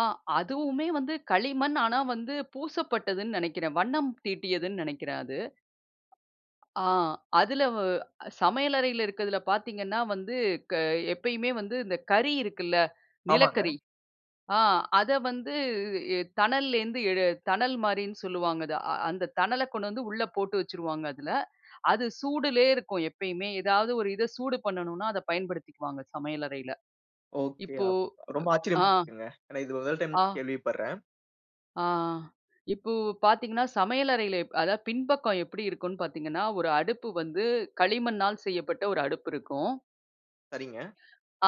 ஆ, அதுவுமே வந்து களிமண். ஆனா வந்து பூசப்பட்டதுன்னு நெனைக்கிறேன். வண்ணம் தீட்டியதுன்னு நெனைக்கிறேன். அது. ஆ அதில வ சமையல் அறையில இருக்கிறதுல பார்த்தீங்கன்னா வந்து, க எப்பயுமே வந்து இந்த கறி இருக்குல்ல. ஆமாங்க. நிலக்கரி. ஆ அத வந்து எ தணல்லேருந்து எடு தணல் மாரின்னு சொல்லுவாங்க அத. அந்த தணல கொண்டு வந்து உள்ள போட்டு வச்சுருவாங்க அதில. அது சூடுலேயே இருக்கும் எப்பயுமே. ஏதாவது ஒரு இத சூடு பண்ணணுன்னா அத பயன்படுத்திக்குவாங்க சமையல் அறையில. ஒகே இப்போ அப் ரொம்ப ஆ, ஆச்சரியமா இருக்குங்க. ஏன்னா, இது [unintelligible] டைம் ஆ. கேள்விப்பட்றேன். ஆ, ஆ. இப்போ பார்த்தீங்கன்னா சமையல் அறையில எப் அதாவது பின்பக்கம் எப்பிடி இருக்குன்னு பார்த்தீங்கன்னா, ஒரு அடுப்பு வந்து களிமண்ணால் செய்யப்பட்ட ஒரு அடுப்பு இருக்கும். சரிங்க.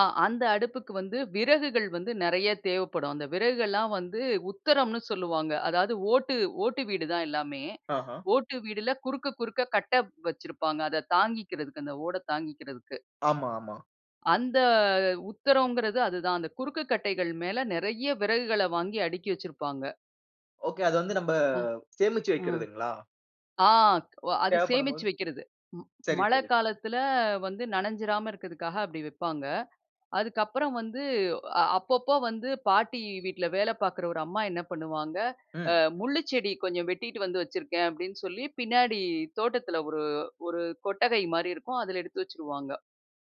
ஆ அந்த அடுப்புக்கு வந்து விறகுகள் வந்து நெறைய தேவைப்படும். அந்த விறகுகல்லாம் வந்து உத்திரம்ன்னு சொல்லுவாங்க. அதாவது ஓட்டு, ஓட்டு வீடு தான் எல்லாமே. ஆஹ. ஓட்டு வீடுல குறுக்க, குறுக்க கட்டை வச்சிருப்பாங்க. அதை தாங்கிக்கிறதுக்கு அந்த ஓட தாங்கிக்கிறதுக்கு. ஆமா, ஆமா. அந்த உத்திரங்கிறது அதுதான். அந்த குறுக்குக் கட்டைகள் மேல நெறைய விறகுகள வாங்கி அடுக்கி வச்சிருப்பாங்க. ஒகே. அத வந்து நம்ப அ. சேமிச்சு அ வைக்கறதுங்களா? ஆ, ஒ அது சேமிச்சு தேவைப்படும்போது வக்கிறது. ம் சரி, மழ சரி. காலத்தில வந்து நனஞ்சிராம இருக்கிறதுக்காக அப்பிடி வப்பாங்க. அதுக்கப்புறம் வந்து அ அப்பப்போ வந்து பாட்டி வீட்ல வேலை பார்க்குற ஒரு அம்மா என்ன பண்ணுவாங்க, அ ம். முள்ளு செடி கொஞ்சம் வெட்டிட்டு வந்து வச்சிருக்கேன் அப்பிடின்னு சொல்லி பின்னாடி தோட்டத்தில ஒரு, ஒரு கொட்டகைமாரி இருக்கும். அதில எடுத்து வச்சுருவாங்க.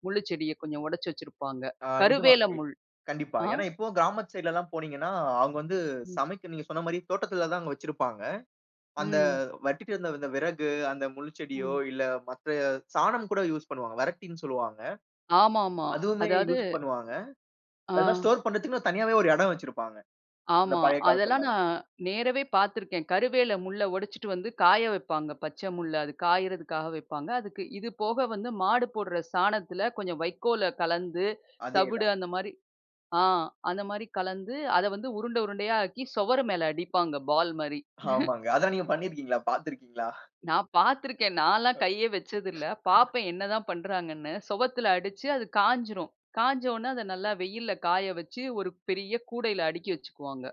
முள்ளுச்செடிய கொஞ்சம் உடைச்சி வச்சிருப்பாங்க. ஆ நிஜமாங்க. கருவேல முள். கண்டிப்பா. ஆ. ஏன்னா, இப்பவும் கிராமத்து சைட் லல்லாம் போனீங்கன்னா, அவுங்க வந்து ம். சமைக்க நீங்க சொன்னமாரி தோட்டத்தில தான் அங்க வச்சிருப்பாங்க. அந்த ம். வெட்டிட்டு வந்த அந்த விறகு அந்த முள் செடியோ! ம். இல்ல மத்த சாணம் கூட யூஸ் பண்ணுவாங்க. வரட்டின்னு சொல்லுவாங்க. ஆமா, ஆமா. அதுவுமே அதாவது யூஸ் பண்ணுவாங்க. ஆ. அதெல்லாம் ஸ்டோர் பண்றதுக்குன்னே தனியாவே ஒரு எடம் வச்சிருப்பாங்க. அந்த ஆமா. பழைய அதெல்லாம் காலத்திலலாம். நான் நேரவே பார்த்துருக்கேன். கருவேல முள்ள ஒடச்சிட்டு வந்து காய வைப்பாங்க. பச்சை முள்ள. அது காயிறதுக்காக வைப்பாங்க. அதுக்கு இது போக வந்து மாடு போடுற சாணத்தில கொஞ்சம் வைக்கோல கலந்து அதே தவிடு தான். அந்தமாரி ஆ அந்தமாரி கலந்து அத வந்து உருண்டை, உருண்டையாக்கி சுவரு மேல அடிப்பாங்க பால்மாரி ஆமாங்க. அதெல்லாம் நீங்க பண்ணிருக்கீங்களா? பாத்துருக்கீங்களா? நான் பார்த்து இருக்கிறேன். நான்லாம் கையே வச்சதில்ல. [unintelligible] பார்ப்பேன் என்ன தான் பண்றாங்கன்னு. சுவத்தில அடிச்சு அது காஞ்சிரும். காய்ஞ்ச உடனே அத நல்லா வெயில்ல காய வச்சு ஒரு பெரிய கூடையில அடுக்கி வச்சுக்குவாங்க.